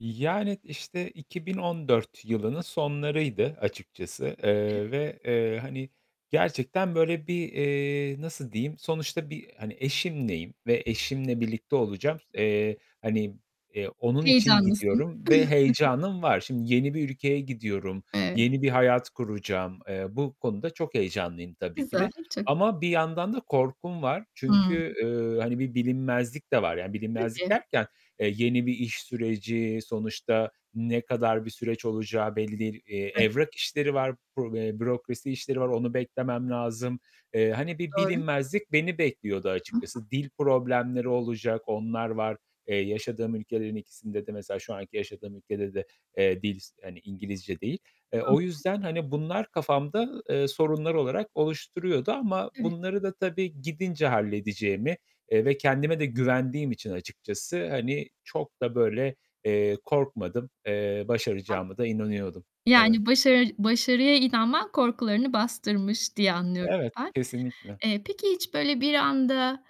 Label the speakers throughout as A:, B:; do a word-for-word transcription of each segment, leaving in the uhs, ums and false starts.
A: Yani, işte, iki bin on dört yılının sonlarıydı açıkçası, eee,
B: Evet.
A: ve, eee, hani, gerçekten böyle bir, eee, nasıl diyeyim? Sonuçta bir, eee, hani, eşimleyim ve eşimle birlikte olacağım. Eee, hani, eee, onun için
B: Heyecanlısın.
A: gidiyorum ve heyecanım var. Şimdi yeni bir ülkeye gidiyorum.
B: Evet.
A: Yeni bir hayat kuracağım. Eee, bu konuda çok heyecanlıyım tabii ki
B: Güzel.
A: de
B: Çok
A: ama bir yandan da korkum var.
B: Hıı.
A: Çünkü, eee, hani, bir bilinmezlik de var. Yani bilinmezlik
B: Tabii.
A: derken, eee, yeni bir iş süreci, sonuçta ne kadar bir süreç olacağı belli değil. Eee,
B: [unintelligible]
A: evrak işleri var, büro bürokrasi işleri var. Onu beklemem lazım. Eee, hani, bir
B: Çok doğru.
A: bilinmezlik beni bekliyordu açıkçası. Dil problemleri olacak, onlar var. Eee, yaşadığım ülkelerin ikisinde de mesela şu anki yaşadığım ülkede de, eee, dil, hani, İngilizce değil. Eee,
B: Hı
A: o
B: hı.
A: yüzden, hani, bunlar kafamda, eee, sorunlar olarak oluşturuyordu ama
B: Evet.
A: bunları da tabii gidince halledeceğimi, eee, ve kendime de güvendiğim için açıkçası, hani, çok da böyle, eee, korkmadım. Eee,
B: Tam
A: başaracağıma da inanıyordum. Evet.
B: Yani, başarı başarıya inanman korkularını bastırmış diye anlıyorum
A: Evet.
B: ben.
A: Kesinlikle.
B: Eee, peki, hiç böyle bir anda,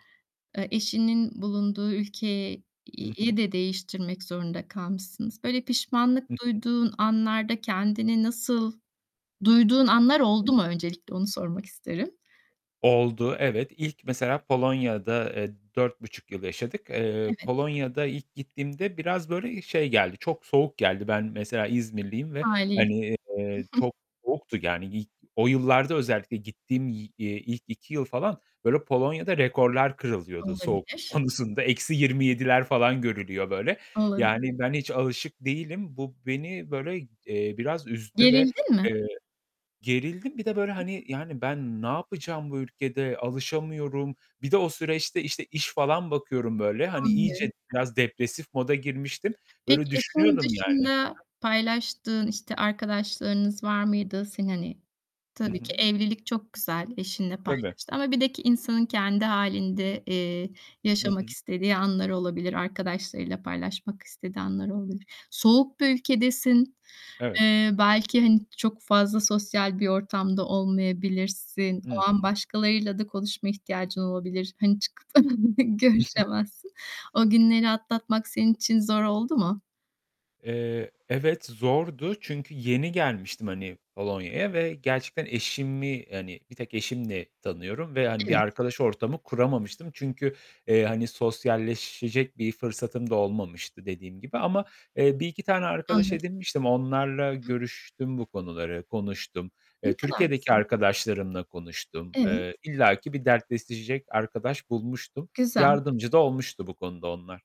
B: eee, eşinin bulunduğu ülke
A: Hı hı.
B: yi de değiştirmek zorunda kalmışsınız. Böyle, pişmanlık
A: Hı hı.
B: duyduğun anlarda kendini nasıl duyduğun anlar
A: Hı
B: oldu mu
A: hı.
B: öncelikle onu sormak isterim.
A: Oldu, evet. İlk mesela Polonya'da, eee, dört buçuk yıl yaşadık. Eee,
B: Evet.
A: Polonya'da ilk gittiğimde biraz böyle, eee, şey geldi. Çok soğuk geldi. Ben mesela İzmirliyim ve,
B: Haliyle.
A: hani, eee, çok soğuktu, yani. İlk o yıllarda özellikle gittiğim yi eee, ilk iki yıl falan, böyle, Polonya'da rekorlar kırılıyordu soğukluk
B: Olabilir.
A: konusunda. eksi yirmi yediler falan görülüyor böyle. Yani,
B: Olabilir.
A: ben hiç alışık değilim. Bu beni böyle, eee, biraz üzdü ve,
B: Gerildin mi?
A: eee, gerildim. Bir de böyle, hani, yani, ben ne yapacağım bu ülkede? Alışamıyorum. Bir de o süreçte, işte, iş falan bakıyorum böyle. Hani, iyice
B: Anlıyorum.
A: biraz depresif moda girmiştim.
B: Peki,
A: Böyle,
B: eşin
A: düşünüyordum yani. Hı hı.
B: dışında paylaştığın, işte, arkadaşlarınız var mıydı senin, hani,
A: Hı
B: tabii ki
A: hı.
B: evlilik çok güzel, eşinle
A: Tabii.
B: paylaştığın ama bir de ki insanın kendi hâlinde, eee,
A: Hı
B: yaşamak
A: hı.
B: istediği anlar olabilir. Arkadaşlarıyla paylaşmak istediği anlar olabilir. Soğuk bir ülkedesin.
A: Evet.
B: Eee, belki, hani, çok fazla sosyal bir ortamda olmayabilirsin. O
A: Hı
B: an
A: hı.
B: başkalarıyla da konuşma ihtiyacın olabilir. Hani, çıkıp görüşemezsin. O günleri atlatmak senin için zor oldu mu?
A: Eee, evet zordu. Çünkü yeni gelmiştim, hani, Polonya'ya ve gerçekten eşimi, hani, bir tek eşimi tanıyorum ve, hani, bir
B: Evet.
A: arkadaş ortamı kuramamıştım. Çünkü, eee, hani, sosyalleşecek bir fırsatım da olmamıştı dediğim gibi ama, eee, bir iki tane arkadaş
B: Anladım.
A: edinmiştim. Onlarla
B: [unintelligible]
A: görüştüm bu konuları, konuştum. Eee,
B: Ne kadar
A: Türkiye'deki
B: güzel.
A: arkadaşlarımla konuştum.
B: Evet.
A: Eee, illaki bir dertleşecek arkadaş bulmuştum.
B: Güzel.
A: Yardımcı da olmuştu bu konuda onlar.